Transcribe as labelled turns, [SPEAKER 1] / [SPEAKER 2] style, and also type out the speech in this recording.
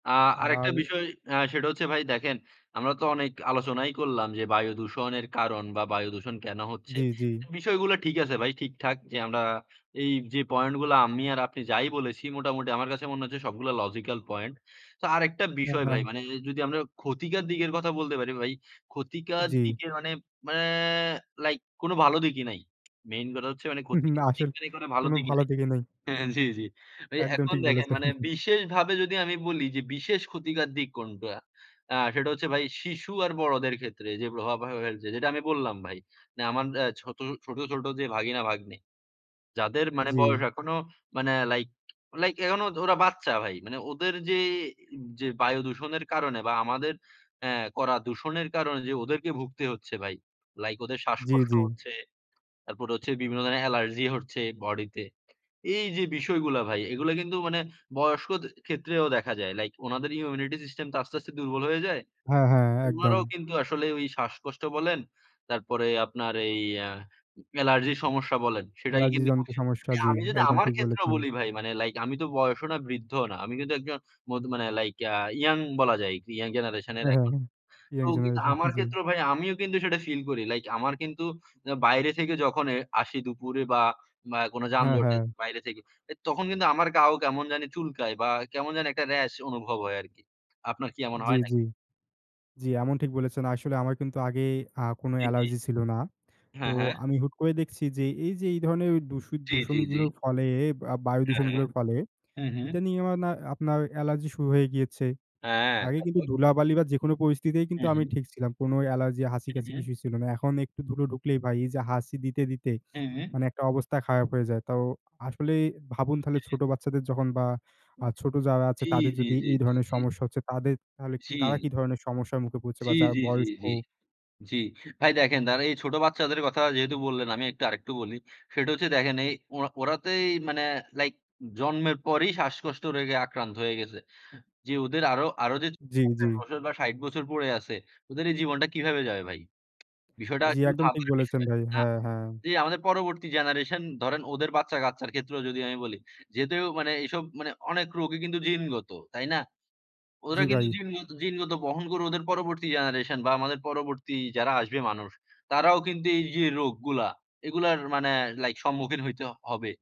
[SPEAKER 1] আ আরেকটা
[SPEAKER 2] আর
[SPEAKER 1] বিষয়, আ সেটা হচ্ছে, ভাই, দেখেন আমরা তো অনেক আলোচনাই করলাম যে, বায়ুদূষণের কারণ বা বায়ুদূষণ কেন হচ্ছে?
[SPEAKER 2] জি, জি।
[SPEAKER 1] বিষয়গুলো ঠিক আছে ভাই, ঠিকঠাক যে, আমরা এই যে, পয়েন্ট গুলো আমি আর আপনি যাই বলেছি, মোটামুটি আমার কাছে মনে হচ্ছে, সবগুলো লজিক্যাল পয়েন্ট। তো আরেকটা
[SPEAKER 2] হ্যাঁ,
[SPEAKER 1] বিষয়
[SPEAKER 2] হ্যাঁ।
[SPEAKER 1] ভাই, মানে যদি আমরা ক্ষতিকর দিকের কথা বলতে পারি ভাই, ক্ষতিকর
[SPEAKER 2] জি।
[SPEAKER 1] দিকে মানে, ম্য মানে লাইক কোন ভালো দিকই নাই। মেইন কথা হচ্ছে, মানে
[SPEAKER 2] না,
[SPEAKER 1] ক্ষতিকর দিক
[SPEAKER 2] আসলে
[SPEAKER 1] ভালো
[SPEAKER 2] কোনো
[SPEAKER 1] দিকই
[SPEAKER 2] ভালো
[SPEAKER 1] নাই।
[SPEAKER 2] দিকে নেই।
[SPEAKER 1] হ্যাঁ, জি, জি। ভাই,
[SPEAKER 2] একদম
[SPEAKER 1] এখন
[SPEAKER 2] ঠিক
[SPEAKER 1] দেখেন,
[SPEAKER 2] বলেছেন।
[SPEAKER 1] মানে বিশেষভাবে যদি আমি বলি যে, বিশেষ ক্ষতিকর দিক কোনটা, আ সেটা হচ্ছে ভাই, শিশু আর বড়দের ক্ষেত্রে যে প্রভাব ফেলছে। যেটা আমি বললাম ভাই। আমার ছোট, ছোট যে ভাগিনা ভাগ্নে; যাদের মানে বয়স,
[SPEAKER 2] জি।
[SPEAKER 1] এখনো মানে লাইক, লাইক, এখনো ওরা বাচ্চা ভাই। মানে ওদের যে, যে বায়ু দূষণের কারণে বা আমাদের আ করা দূষণের কারণে যে, ওদেরকে ভুগতে হচ্ছে ভাই। লাইক ওদের
[SPEAKER 2] জি,
[SPEAKER 1] শ্বাসকষ্ট
[SPEAKER 2] জি।
[SPEAKER 1] হচ্ছে। তারপর হচ্ছে বিভিন্ন ধরনের অ্যালার্জি হচ্ছে বডিতে। এই যে বিষয়গুলা ভাই, এগুলা কিন্তু মানে বয়স্ক ক্ষেত্রেও দেখা যায়। লাইক ওনাদের ইমিউনিটি সিস্টেম তো আস্তে, আস্তে দুর্বল হয়ে যায়।
[SPEAKER 2] হ্যাঁ, হ্যাঁ। একদম।
[SPEAKER 1] উনারাও কিন্তু আসলে ওই শ্বাসকষ্ট বলেন। তারপরে আপনার এই আ এলার্জির সমস্যা বলেন। সেটাই
[SPEAKER 2] অ্যালার্জি
[SPEAKER 1] কিন্তু
[SPEAKER 2] জনিত সমস্যা জি,
[SPEAKER 1] আমি যদি,
[SPEAKER 2] একদম
[SPEAKER 1] আমার
[SPEAKER 2] ঠিক
[SPEAKER 1] ক্ষেত্রেও
[SPEAKER 2] বলেছেন।
[SPEAKER 1] বলি ভাই, মানে লাইক আমি তো বয়সও না, বৃদ্ধও না। আমি কিন্তু একজন মধ মানে লাইক, আ ইয়ং বলা যায়। ইয়ং জেনারেশন এর
[SPEAKER 2] হ্যাঁ, হ্যাঁ। ইয়ং
[SPEAKER 1] তো, কিন্তু
[SPEAKER 2] জেনারেশন,
[SPEAKER 1] আমার
[SPEAKER 2] জি।
[SPEAKER 1] ক্ষেত্রেও ভাই, আমিও কিন্তু সেটা ফিল করি। লাইক আমার কিন্তু বাইরে থেকে যখন আসি, দুপুরে বা কোনো
[SPEAKER 2] হ্যাঁ,
[SPEAKER 1] যানজটে
[SPEAKER 2] হ্যাঁ।
[SPEAKER 1] বাইরে থেকে, তখন কিন্তু আমার গা ও, কেমন জা নি চুলকায় বা কেমন জানি একটা রেশ অনুভব হয় আরকি। আপনার কি এমন
[SPEAKER 2] জি,
[SPEAKER 1] হয় নাকি?
[SPEAKER 2] জি। জি, এমন ঠিক বলেছেন। আসলে আমার কিন্তু আগে আ কোন
[SPEAKER 1] ৩ টি।
[SPEAKER 2] অ্যালার্জি ছিল না। তো
[SPEAKER 1] হ্যাঁ, হ্যাঁ।
[SPEAKER 2] আমি হুট করে দেখছি যে, এই যে, এই ধরনের দূষি
[SPEAKER 1] জি, জি, জি।
[SPEAKER 2] দূষণগুলোর ফলে, আ বায়ু
[SPEAKER 1] হ্যাঁ, হ্যাঁ,
[SPEAKER 2] দূষণগুলোর ফলে
[SPEAKER 1] হু, হু।
[SPEAKER 2] এটা নিয়ে না, আমার আপনার অ্যালার্জি শুরু হয়ে গিয়েছে।
[SPEAKER 1] হ্যাঁ।
[SPEAKER 2] আগে
[SPEAKER 1] থাক
[SPEAKER 2] কিন্তু
[SPEAKER 1] ভাই
[SPEAKER 2] ধুলাবালি বা যেকোনো পরিস্থিতি কিন্তু
[SPEAKER 1] হ্যাঁ,
[SPEAKER 2] আমি
[SPEAKER 1] হ্যাঁ।
[SPEAKER 2] ঠিক ছিলাম। কোন অ্যালার্জি,
[SPEAKER 1] হ্যাঁ,
[SPEAKER 2] হাঁচিকাশি
[SPEAKER 1] হ্যাঁ।
[SPEAKER 2] কিছুই ছিল না। এখন একটু ধুলো ঢুক লেই ভাই, এই যে হাঁচি দিতে, দিতে
[SPEAKER 1] হ্যাঁ, হ্যাঁ।
[SPEAKER 2] মানে একটা অবস্থা খারাপ হয়ে যায়। তো আসলে ভাবুন, তাহলে
[SPEAKER 1] হ্যাঁ।
[SPEAKER 2] ছোট বাচ্চাদের যখন বা
[SPEAKER 1] উ
[SPEAKER 2] আ ছোট যারা আছে,
[SPEAKER 1] জি,
[SPEAKER 2] তাদের
[SPEAKER 1] জি,
[SPEAKER 2] যদি
[SPEAKER 1] জি,
[SPEAKER 2] এই
[SPEAKER 1] জি,
[SPEAKER 2] ধরনের
[SPEAKER 1] জি।
[SPEAKER 2] সমস্যা হচ্ছে, তাদের তাহলে
[SPEAKER 1] জি।
[SPEAKER 2] তারা কি ধরনের সমস্যার মুখে পড়ছে
[SPEAKER 1] জি,
[SPEAKER 2] বা যারা
[SPEAKER 1] জি, জি,
[SPEAKER 2] বয়স্ক
[SPEAKER 1] জি, জি। ভাই দেখেন, এই ছোট বাচ্চাদের কথা যেহেতু বললেন, আমি একটু আরেকটু বলি। সেটা হচ্ছে দেখেন, এই ওরা তো মানে আ লাইক জন্মের পরেই, শ্বাসকষ্ট রেগে আক্রান্ত হয়ে গেছে। যে ওদের আরো, আরো যে,
[SPEAKER 2] জি, জি।
[SPEAKER 1] ৫০ বছর বা ৬০ বছর পড়ে আছে। ওদের এই জীবনটা কীভাবে যাবে ভাই? বিষয়টা
[SPEAKER 2] জি,
[SPEAKER 1] কিন্তু
[SPEAKER 2] একদম ঠিক
[SPEAKER 1] ভাবার
[SPEAKER 2] বলেছেন
[SPEAKER 1] বিষয়।
[SPEAKER 2] ভাই। হ্যাঁ, হ্যাঁ।
[SPEAKER 1] যে আমাদের পরবর্তী জেনারেশন ধরেন, ওদের বাচ্চা-কাচ্চার ক্ষেত্রেও যদি আমি বলি, যেহেতু মানে এসব অনেক রোগই কিন্তু জিনগত, তাই না? ওরা
[SPEAKER 2] জি,
[SPEAKER 1] কিন্তু
[SPEAKER 2] ভাই।
[SPEAKER 1] জিনগত, জিনগত বহন করে, ওদের পরবর্তী জেনারেশন বা আমাদের পরবর্তী যারা আসবে মানুষ, তারাও কিন্তু এই যে রোগগুলা, এগুলার মানে লাইক সম্মুখীন হইতে হবে।